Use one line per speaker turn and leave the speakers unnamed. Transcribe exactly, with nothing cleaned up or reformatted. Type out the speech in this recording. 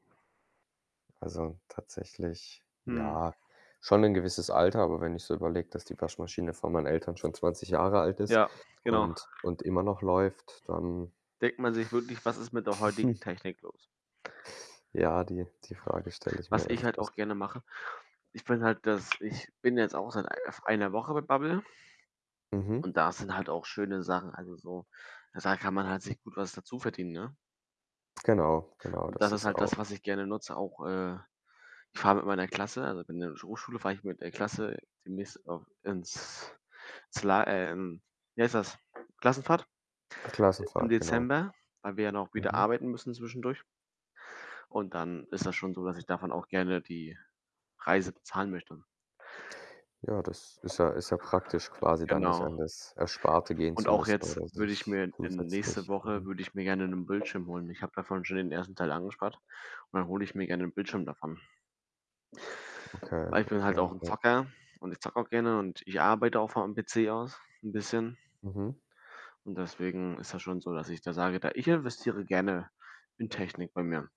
Also, tatsächlich,
Mhm.
ja, schon 'n gewisses Alter. Aber wenn ich so überlege, dass die Waschmaschine von meinen Eltern schon zwanzig Jahre alt ist
Ja, genau.
und und immer noch läuft, dann
Denkt man sich wirklich. „Was ist mit der heutigen Technik los?“
Ja, die die Frage stelle ich mir
Was ich halt
öfters.
auch gerne mache ich bin halt das ich bin jetzt auch seit ei f einer Woche mit Babel.
Mhm.
Und da sind halt auch schöne Sachen also, so, äh, da kann man halt sich gut was dazuverdienen, ne?
Genau, genau,
Und das
das
ist
ist
halt das,
auch
was ich gerne nutze, auch, äh ich fahre mit meiner Klasse also, bin in der Sch Hochschule fahre ich mit der Klasse demnächst auch ins zla äh, in wie heißt das? Klassenfahrt i im
Klassenfahrt, genau.
Dezember, weil wir ja dann auch wieder
Mhm.
arbeiten müssen zwischendurch. Und dann ist das schon so, dass ich davon auch gerne die Reise bezahlen möchte.
Ja, das ist ja ist ja praktisch, quasi dann nicht
Genau.
an das Ersparte gehen
Und
zu
auch
müssen
jetzt
oder
würde ich
sich
mir in in nächste
zusätzlich
Woche
mhm.
würde ich mir gerne 'nen Bildschirm holen und ich habe davon schon den ersten Teil angespart und dann hole ich mir gerne 'n Bildschirm davon.
Okay,
Weil ich bin halt
okay,
auch 'n
ja.
Zocker und ich zocke auch gerne und ich arbeite auch von am PC aus 'n bisschen.
Mhm.
Und deswegen ist das schon so, dass ich da sage, da ich investiere gerne in Technik bei mir.